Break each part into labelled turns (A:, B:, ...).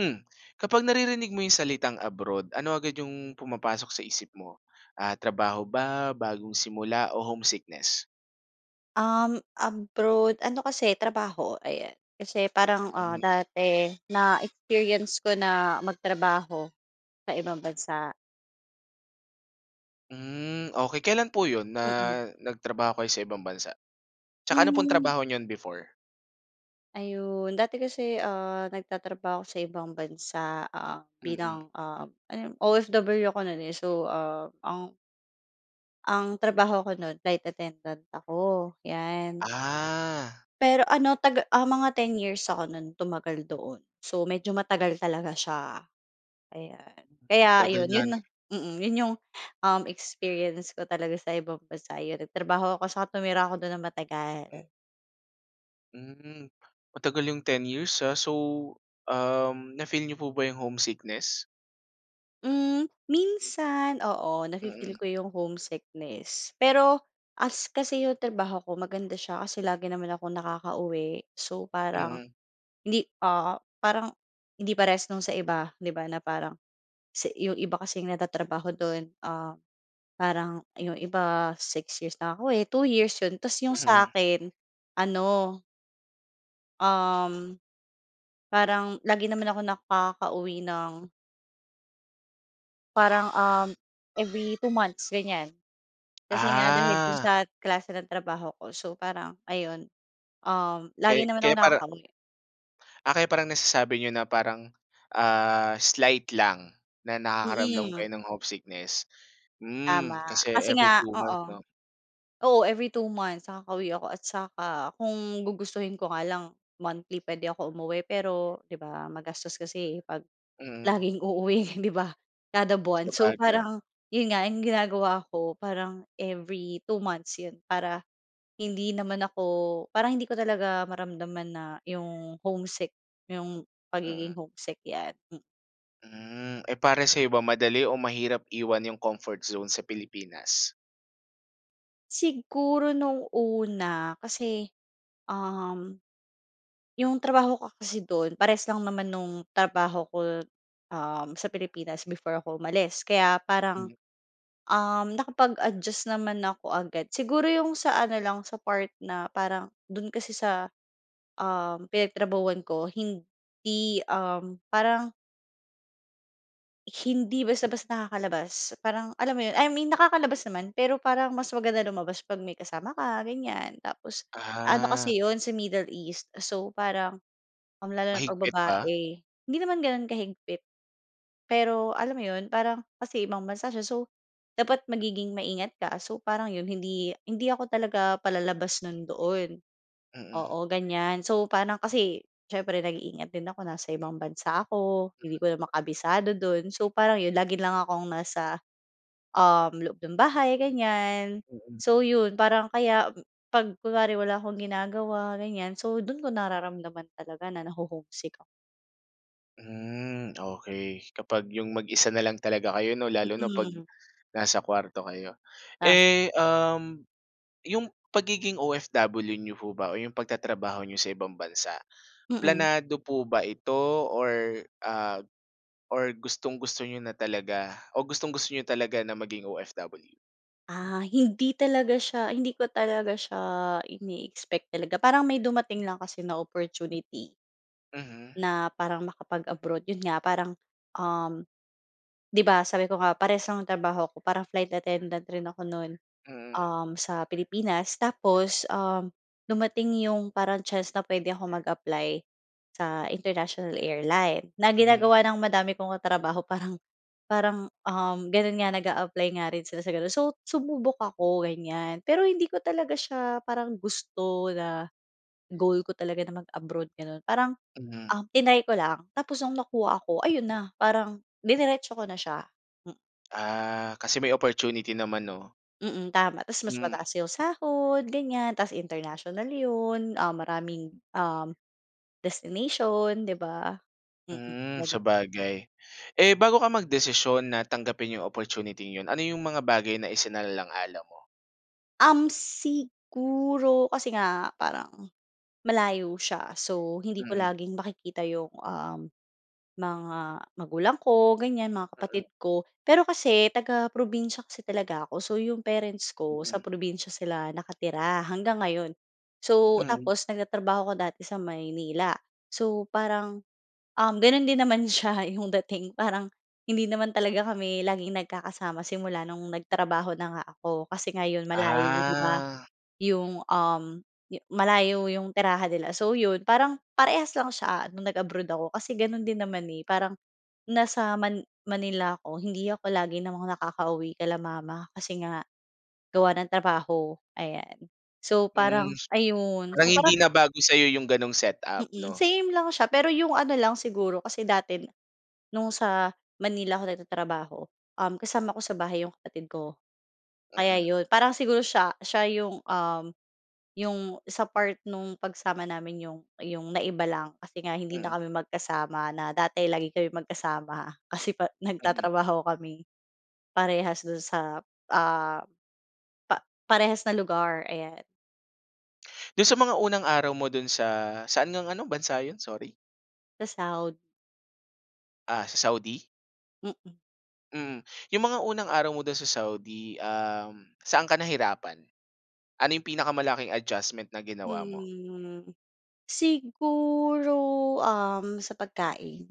A: Hmm, kapag naririnig mo 'yung salitang abroad ano agad 'yung pumapasok sa isip mo? Ah, trabaho ba, bagong simula o homesickness?
B: Uhm, abroad ano kasi, trabaho, ayan. Kasi parang, ah,
A: Mm.
B: dati na-experience ko na magtrabaho sa ibang bansa.
A: Hmm. Okey kailan po 'yon na,
B: Mm.
A: nagtrabaho kayo sa ibang bansa? 'Tsaka ano pong
B: Hmm.
A: trabaho niyon before?
B: Ayun, dati kasi, ah, nagtatrabaho ako sa ibang bansa. Ah,
A: Mm.
B: bilang, uhm, ano yon? OFW ako no'n, eh. So, ah, ang ang trabaho ko no'n flight attendant ako, 'yan.
A: Ah.
B: Pero ano taga ah, mga 10 years ako no'n tumagal doon. So, medyo matagal talaga siya. Ayan, kaya
A: Tagal
B: ayon,
A: nga
B: 'yon na
A: no'n.
B: mm, 'yon 'yung uhm, experience ko talaga sa ibang bansa, 'yon nagtrabaho ako saka tumira ako do'n ng
A: Hmm.
B: matagal.
A: Hmm. Matagal yung 10 years, ha. So, um, na-feel n'yo po ba yung homesickness?
B: Hmm, minsan, oo, nafi-feel
A: Mhm.
B: ko 'yung homesickness. Pero as kasi 'yung trabaho ko, maganda siya kasi lagi naman akong nakakauwi. So, parang
A: Mhm.
B: hindi, ah, parang hindi parehas nung sa iba, 'di ba na parang sa 'yung iba kasi, nagtatrabaho do'n, ah, parang 'yung iba, 6 years nakakauwi, 2 years 'yon tapos 'yung sa
A: Mhm.
B: 'kin ano um, parang lagi naman akong nakakauwi ng parang, um, every 2 months ganyan. Kasi nga, dahil do'n
A: Ah.
B: sa klase ng trabaho ko. So, parang ayun, um, lagi
A: Kay
B: naman
A: kaya
B: akong
A: parang.
B: nakakauwi.
A: Ah, kaya parang nasasabi niyo na parang, ah, slight lang, na nakakaramdam
B: Mhm.
A: kayo ng homesickness. Hmm,
B: Tama.
A: kasi
B: Kasi
A: every
B: nga
A: two-month
B: oo.
A: 'no?
B: Oo, every two months, nakakauwi ako. At saka kung gugustuhin ko nga lang, monthly puwede ako umuwi pero 'di ba magastos kasi eh 'pag
A: Mhm.
B: laging uuwi 'di ba kada buwan. So,
A: Sabagay.
B: parang 'yon nga, 'yung ginagawa ko, parang every two months 'yun. Para hindi naman ako, parang hindi ko talaga maramdaman na 'yung homesick, 'yung pagiging
A: Mhm.
B: homesick, 'yan, mhm.
A: Mm, eh, para sa iba madali o mahirap iwan yung comfort zone sa Pilipinas?
B: Siguro nung una kasi, um, yung trabaho ko kasi dun parehas lang naman nung trabaho ko, um, sa Pilipinas before ako umalis kaya parang,
A: Hmm.
B: um, nakapag adjust naman ako agad, siguro yung sa ano lang sa part na parang dun kasi sa, um, pinagtrabahuhan ko hindi, um, parang Hindi basta-basta nakakalabas, parang alam mo 'yon, I mean nakakalabas naman pero parang mas maganda lumabas 'pag may kasama ka ganyan, tapos ano
A: Ah.
B: kasi yun sa Middle East so parang, ah, lalo na 'pag
A: Mahigpit ba?
B: babae. Hindi naman gano'n kahigpit, pero alam mo 'yon parang kasi ibang bansa siya. So, dapat magiging maingat ka so, parang 'yon hindi hindi ako talaga palalabas no'n doon,
A: Mhm.
B: oo ganyan. So parang kasi siyempre nag-iingat din ako, nasa ibang bansa ako, hindi ko naman kabisado do'n. So, parang yun lagi lang akong nasa, um, loob ng bahay ganyan.
A: Mhm.
B: So, 'yon parang kaya 'pag kunwari wala akong ginagawa ganyan, so, do'n ko nararamdaman talaga na naho-home sick ako.
A: Hmm, okey. Kapag 'yong mag-isa na lang talaga kayo no lalo na 'pag
B: Mm.
A: nasa kuwarto kayo.
B: Ah.
A: Eh, um, 'yong pagiging OFW niyo po ba o yong pagtatrabaho n'yo sa ibang bansa,
B: Mm.
A: planado po ba ito or, ah, or gustong-gusto niyo na talaga o gustong-gusto n'yo talaga na maging OFW?
B: Ah, hindi talaga siya hindi ko talaga siya ine-expect talaga. Parang may dumating lang kasi na opportunity.
A: Mhm.
B: Na parang makapag-abroad yun nga parang, um, 'di ba sabi ko nga parehas ang trabaho ko, parang flight attendant rin ako no'n,
A: Mm.
B: um, sa Pilipinas. Tapos, um, dumating 'yong parang chance na puwede ako mag-apply sa International Airline, na
A: Mhm.
B: ginagawa ng madami kong katrabaho parang parang, um, gano'n nga nag-aapply nga rin sila sa gano'n. So, sumubok ako ganyan, pero hindi ko talaga siya parang gusto na goal ko talaga na mag-abroad, gano'n. Parang,
A: Mhm.
B: ah, triny ko lang. Tapos nung nakuha ako, ayun na parang diniretso ko na siya, hmm.
A: Ah, kasi may opportunity naman, 'no?
B: Mm. Tama tas mas
A: Hmm.
B: mataas yong sahod, ganyan. Tas international yon. Um, maraming, um, destination 'di b,a? Mm.
A: Hmm,
B: Gano'n.
A: sabagay. Eh, bago ka magdesisyon na tanggapin yong opportuniting 'yon. Ano 'yong mga bagay na isinalang-alang mo?
B: Um, siguro kasi nga parang malayo siya. So, hindi ko
A: Mhm.
B: laging makikita yong, um, mga magulang ko ganyan, mga
A: Mm.
B: kapatid ko. Pero kasi taga-probinsiya kasi talaga ako. So yong parents ko sa
A: Mhm.
B: probinsiya sila nakatira hanggang ngayon. So,
A: Mm.
B: tapos nagtatrabaho ako dati sa Maynila. So, parang, um, gano'n din naman siya 'yong dating. Parang hindi naman talaga kami laging nagkakasama simula no'ng nagtrabaho na nga ako. Kasi nga yon malayo, di ba?
A: Ah.
B: 'Yong, um, yo malayo 'yong tirahan nila. So, yon parang parehas lang siya no'ng nag-abroad ako. Kasi gano'n din naman, eh. Parang nasa Man Manila ako. Hindi ako lagi namang nakakauwi kila mama. Kasi nga gawa ng trabaho. Ayan. So
A: Hmm,
B: parang ayun.
A: parang
B: So parang
A: hindi na bago sa'yo yong ganong setup
B: Mm.
A: 'no?
B: Same lang siya, pero 'yong ano lang siguro kasi dati no'ng sa Manila ako nagtatrabaho, um, kasama ko sa bahay yong kapatid ko kaya
A: Mm.
B: yon. Parang siguro siya siya yong, um, yong sa part no'ng pagsama namin yong yong naiba lang. Kasi nga hindi
A: Mm.
B: na kami magkasama na dati lagi kami magkasama. Kasi pa
A: Mm.
B: nagtatrabaho kami parehas do'n sa, ah, pa parehas na lugar. Ayan.
A: Do'n sa mga unang araw mo do'n sa saan ngang ano, bansa yun? Sorry.
B: Sa Saudi.
A: Ah, sa Saudi?
B: Mhm.
A: Mm, yung mga unang araw mo do'n sa Saudi, um, saan ka nahirapan? Ano 'yong pinakamalaking adjustment na ginawa mo?
B: Hmm, siguro, um, sa pagkain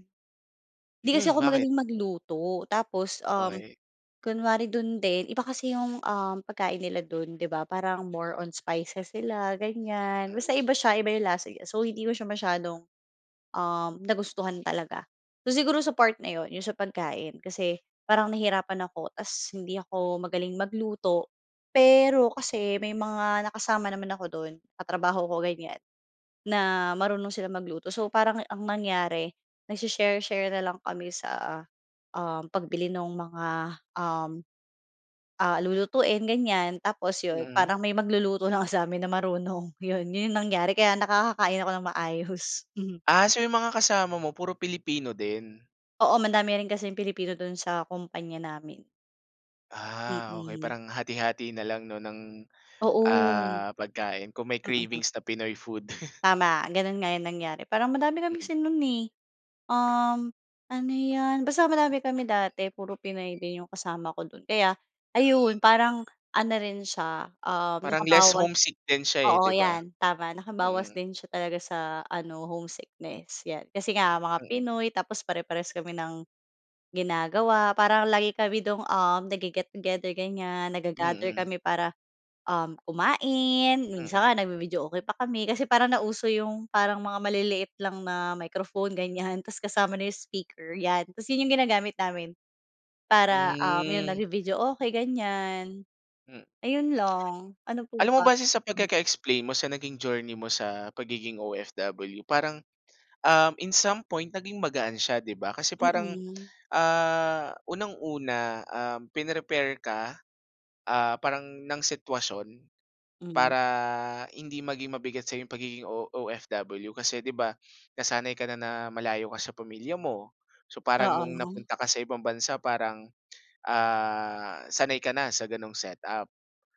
B: 'di kasi
A: Mm,
B: ako
A: bakit?
B: magaling magluto tapos, um,
A: Okey.
B: kunwari do'n din iba kasi 'yong, um, pagkain nila do'n, 'di ba? Parang more on spices sila, ganyan. Basta
A: [unintelligible]
B: iba siya, iba 'yong lasa niya. So hindi ko siya masyadong, um, nagustuhan talaga. So siguro, sa part na 'yon 'yon sa pagkain kasi parang nahirapan ako, tapos hindi ako magaling magluto. Pero kasi, may mga nakasama naman ako do'n, katrabaho ko, ganyan na marunong silang magluto. So parang, ang nangyari nagse-share-share na lang kami sa, um, pagbili nung mga, um, ah, lulutuin ganyan, tapos yun,
A: Mm.
B: parang may magluluto lang sa'min na marunong. Yun, yun, yung nangyari, kaya nakakakain ako nang maayos. Mhm.
A: Ah, so yung mga kasama mo, puro Pilipino din.
B: Oo, madami rin kasing Pilipino du'n sa kumpanya namin.
A: Ah, okey.
B: Mm.
A: Parang hati-hati na lang 'no, ng,
B: Oo.
A: ah, pagkain kung may
B: Mm.
A: cravings na Pinoy food.
B: Tama, gano'n nga 'yung nangyari. Parang madami kami
A: Mm.
B: kasi 'nun eh, uhm, ano 'yan, basta madami kami dati. Puro Pinoy din 'yong kasama ko do'n kaya, ayun, parang ano rin siya, uhm,
A: Parang less
B: nakabawas
A: homesick din siya eh,
B: oo
A: 'di ba?
B: 'yan, tama. Nakabawas
A: Mm.
B: din siya talaga sa ano, homesickness, 'yan. Kasi nga mga
A: Mm.
B: Pinoy, tapos pare parehas kami ng ginagawa, parang lagi kami do'ng, um, nagge-get together ganyan, nagga-gather
A: Mm.
B: kami para um, kumain. Minsan
A: Mm.
B: nga nagbi-videoke pa kami, kasi parang nauso 'yung parang mga maliliit lang na microphone ganyan, 'tas kasama na 'yung speaker, 'yan. 'Tas, 'yun 'yung ginagamit namin para, um, 'yun
A: Hmm.
B: nagbi-videoke, ganyan,
A: Hmm.
B: ayun lang. Ano pa
A: Alam mo
B: ba?
A: base sa pagkaka-explain mo sa naging journey mo sa pagiging OFW. Parang, um, in some point, naging magaan siya 'di ba. Kasi parang,
B: Mm.
A: ah, unang una, um, pin-prepare ka, ah, parang, ng sitwasyon
B: Hmm.
A: para hindi maging mabigat sa'yong pagiging O OFW. Kasi 'di ba, nasanay kana na malayo ka sa pamilya mo. So, parang no'ng
B: Oo.
A: napunta ka sa ibang bansa parang, ah, sanay kana sa ganong set up.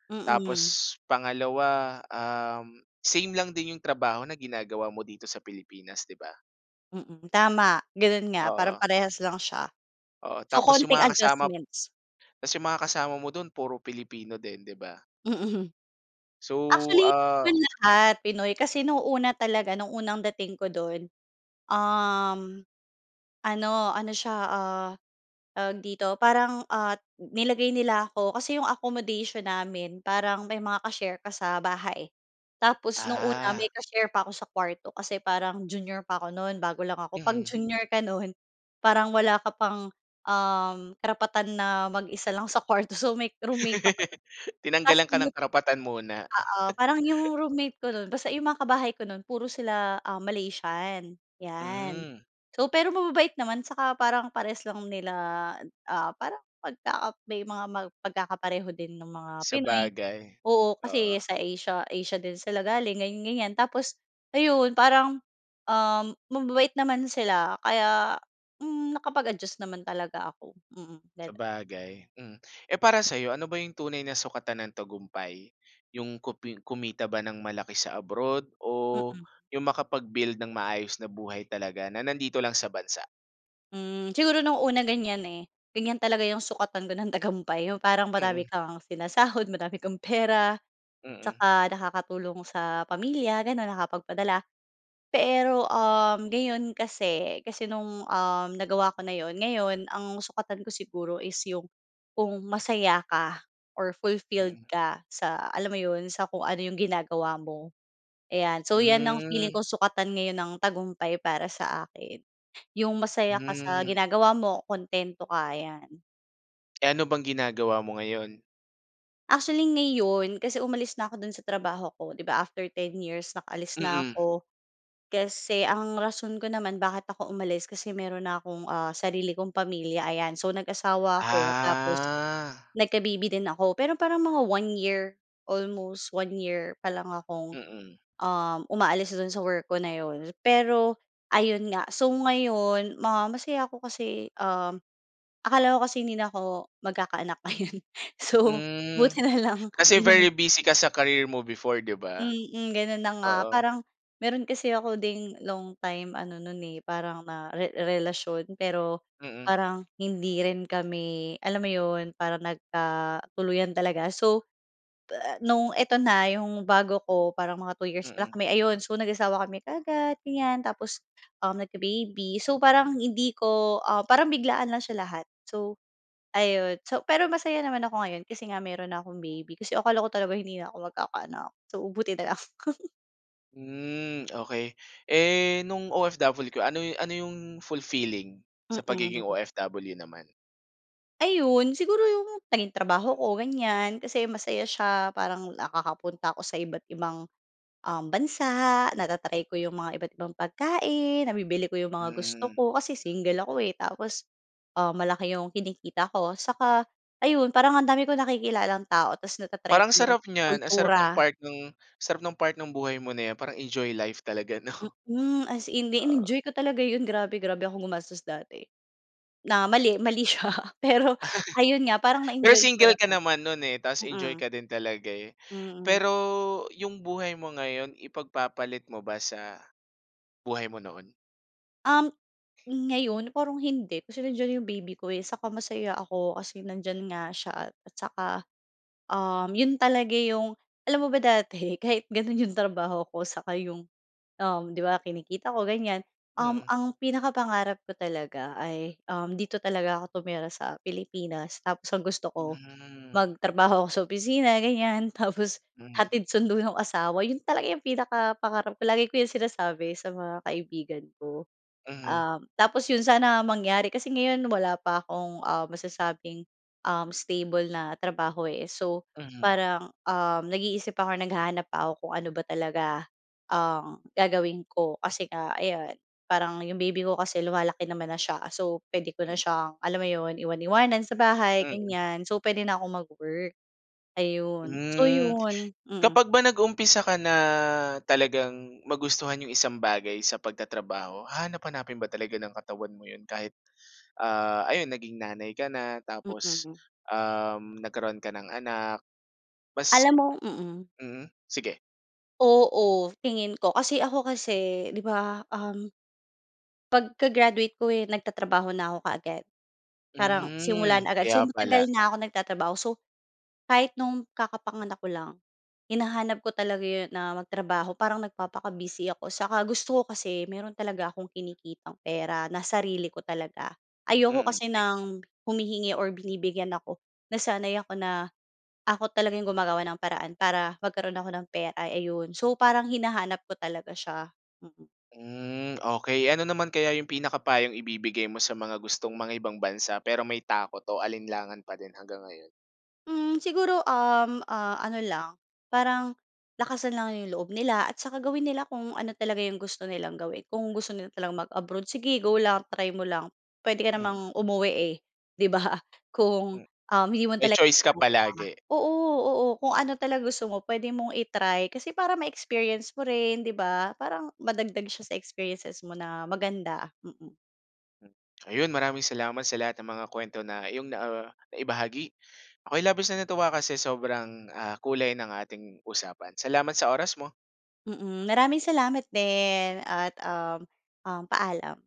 B: Mm.
A: Tapos pangalawa uhm, same lang din 'yung trabaho na ginagawa mo dito sa Pilipinas, di ba?
B: Mm. Tama. Ganun nga. Parang
A: Oo.
B: parehas lang siya.
A: Oo,
B: So,
A: tapos yung
B: konting
A: mga kasama
B: adjustments.
A: tapos yung mga kasama mo dun puro Pilipino din, di ba?
B: Mm.
A: So,
B: Actually, di naman
A: ah.
B: lahat Pinoy. Kasi nung una talaga, nung unang dating ko dun, um, ano, ano siya, ah, tawag dito, parang, ah, nilagay nila ako. Kasi yung accommodation namin parang may mga ka-share ka sa bahay. Tapos nung una
A: Ah.
B: may ka-share pa ako sa kuwarto kasi parang junior pa ako nun, bago lang ako. 'Pag
A: Mhm.
B: junior ka nun parang wala ka pang, um, karapatan na mag-isa lang sa kuwarto. So, may roommate ako nun, tapos
A: Tinanggalan ka
B: yun
A: ng karapatan muna.
B: oo, parang yung roommate ko nun, basta yung mga kabahay ko nun puro sila, ah, Malaysian, yan.
A: Hmm.
B: So, pero mababait naman saka parang parehas lang nila, ah, parang pagka may mga pagkakapareho din nung mga Pinoy.
A: Sabagay.
B: Oo, kasi
A: Oo.
B: sa Asia Asia din sila galing, ganiyan-ganiyan. Tapos ayun, parang, um, mababait naman sila kaya, hmm, nakapag-adjust naman talaga ako. Mm, ganun.
A: Sabagay, mm. Eh, para sa'yo, ano ba yung tunay na sukatan ng tagumpay? Yung kumpli kumita ba ng malaki sa abroad o
B: Mm.
A: yung makapag-build ng maayos na buhay talaga na nandito lang sa bansa?
B: Hmm, siguro nung una ganyan eh. Ganyan talaga 'yong sukatan ko ng tagumpay. Yung parang madami
A: Mm.
B: kang sinasahod, madami kang pera
A: Mm.
B: tsaka nakakatulong sa pamilya, gano'n, nakapagpadala. Pero, uhm, ngayon kasi kasi no'ng, uhm, nagawa ko na 'yon ngayon, ang sukatan ko siguro is 'yong kung masaya ka or fulfilled
A: Mm.
B: ka sa alam mo 'yon, sa kung ano 'yong ginagawa mo. Ayan. So, 'yan ang feeling
A: Hmm.
B: ko sukatan ngayon ng tagumpay para sa akin. Yung masaya ka sa
A: Hmm.
B: ginagawa mo, kuntento ka, 'yan.
A: Eh, ano bang ginagawa mo ngayon?
B: Actually, ngayon kasi umalis na ako do'n sa trabaho ko. Di ba, after 10 years, nakaalis na
A: Mm.
B: ako kasi ang rason ko naman bakit ako umalis kasi meron na akong, ah, sarili kong pamilya, ayan. So, nag-asawa ako tapos
A: Ah.
B: nagka-baby din ako. Pero parang mga 1 year, almost 1 year pa lang akong,
A: Mm.
B: uhm, umaalis do'n sa work ko na 'yon. Pero ayun nga. So, ngayon ma masaya ako kasi, uhm, akala ko kasi hindi na ako magkakaanak ayun. So,
A: Hmm,
B: buti na lang,
A: kasi very
B: 'yon.
A: busy ka sa career mo before, 'di ba?
B: Mm, gano'n na nga.
A: Oo.
B: Parang meron kasi ako ding long time ano no'n, eh, parang na re relasyon, pero
A: Mm.
B: parang hindi rin kami alam mo 'yon, parang nagkatuluyan talaga. So, ta no'ng eto na, 'yong bago ko, parang mga 2 years pala
A: Mm.
B: kami, ayun. So, nag-asawa kami kaagad, ganyan tapos, uhm, nagka-baby. So, parang hindi ko, ah, parang biglaan lang siya lahat. So, ayun so, pero masaya naman ako ngayon kasi nga meron na akong baby, kasi akala ko talaga hindi na ako magkakaanak. So, buti na lang.
A: Mm, okey. Eh no'ng OFW ka ano ano 'yong fulfilling sa pagiging
B: Mm.
A: OFW naman?
B: Ayon. Siguro 'yong naging trabaho ko ganyan kasi masaya siya parang nakakapunta ako sa iba't ibang, um, bansa nata-try ko 'yong mga iba't ibang pagkain nabibili ko 'yong mga gusto
A: Hmm.
B: ko kasi single ako eh tapos, ah, malaki 'yong kinikita ko. Saka ayun parang ang dami kong nakikilalang tao tas nata-try
A: Parang
B: ko
A: ang
B: 'yong
A: sarap niyan. Ang sarap no'ng
B: kultura.
A: part no'ng sarap ng part ng buhay mo na yan parang enjoy life talaga no?
B: Hmm. As in
A: Oo.
B: inenjoy ko talaga 'yon grabe. Grabe akong gumastos dati na mali, mali siya pero ayon nga parang
A: Pero
B: na-enjoy ko
A: single ka
B: naman.
A: naman no'n eh tas enjoy
B: Mm.
A: ka din talaga eh.
B: Mm.
A: Pero 'yong buhay mo ngayon ipagpapalit mo ba sa buhay mo noon?
B: Um, ngayon parang hindi kasi nandiyan 'yong baby ko eh. Saka masaya ako kasi nandiyan nga siya at saka, um, 'yon talaga 'yong alam mo ba dati kahit gano'n 'yong trabaho ko saka 'yong, um, 'di ba kinikita ko ganyan um,
A: Mhm.
B: ang pinakapangarap ko talaga ay, um, dito talaga ako tumira sa Pilipinas tapos ang gusto ko
A: Hmm.
B: magtrabaho ako sa opisina ganyan tapos
A: Hmm.
B: hatid sundo no'ng asawa. 'Yon talaga 'yong pinakapangarap ko. Lagi ko 'yong sinasabi sa mga kaibigan ko.
A: Mhm.
B: Um, tapos 'yon sana mangyari kasi ngayon wala pa akong, um, masasabing, um, stable na trabaho eh. So
A: Mhm.
B: parang, um, nag-iisip ako or naghahanap pa ako kung ano ba talaga ang gagawin ko. Kasi nga ayan parang 'yong baby ko kasi lumalaki naman na siya. So puwede ko na
A: Hmm.
B: siyang alam mo 'yon, iwan-iwanan sa bahay
A: Mm.
B: ganyan. So puwede na kong mag-work. Ayon. So
A: Hmm,
B: 'yon, hmm.
A: kapag ba nag-umpisa ka na talagang magustuhan 'yong isang bagay sa pagtatrabaho hahanap-hanapin ba talaga ng katawan mo 'yon kahit ah, ayon naging nanay ka na tapos,
B: Mm.
A: um, nagkaroon ka ng anak mas
B: Alam mo? Mm.
A: mm? Sige.
B: Oo, tingin ko. Kasi ako kasi 'di ba, um 'pag ka graduate ko eh, nagtatrabaho na ako kaagad. Parang simula
A: Hmm,
B: na agad. So,
A: kaya
B: matagal
A: pala.
B: na ako nagtatrabaho. So, kahit no'ng kakapanganak ko lang, hinahanap ko talaga 'yon na magtrabaho parang nagpapaka-busy ako. 'Tsaka gusto ko kasi mayro'n talaga akong kinikitang pera na sarili ko talaga. Ayoko
A: Mm.
B: kasi ng humihingi or binibigyan ako. Nasanay ako na, ako talagang yung gumagawa ng paraan para magkaroon ako ng pera, ay ayun. So, parang hinahanap ko talaga siya. Mm.
A: Hmm, okey. Ano naman kaya 'yung pinaka payong ibibigay mo sa mga gustong mangibang bansa, pero may takot o alinlangan pa din hanggang ngayon?
B: Hmm, siguro, um, ah, ano lang, parang lakasan lang 'yong loob nila at saka gawin nila kung ano talaga 'yong gusto nilang gawin. Kung gusto nila mag-abroad sige, go lang, try mo lang, puwede ka
A: Mm.
B: namang umuwi eh, 'di ba? Kung,
A: Mm,
B: um, hindi mo
A: may
B: talaga
A: choice ka
B: kaya
A: palagi.
B: oo, oo. Kung ano talaga gusto mo puwede mong i-try, kasi para ma-experience mo rin, 'di ba? Parang madagdag siya sa experiences mo na maganda, mm.
A: Ayun, maraming salamat sa lahat ng mga kuwento na iyong na, ah, naibahagi. Ako'y labis na natuwa kasi sobrang, ah, kulay ng ating usapan. Salamat sa oras mo.
B: Mm, maraming salamat din, at um, um, paalam.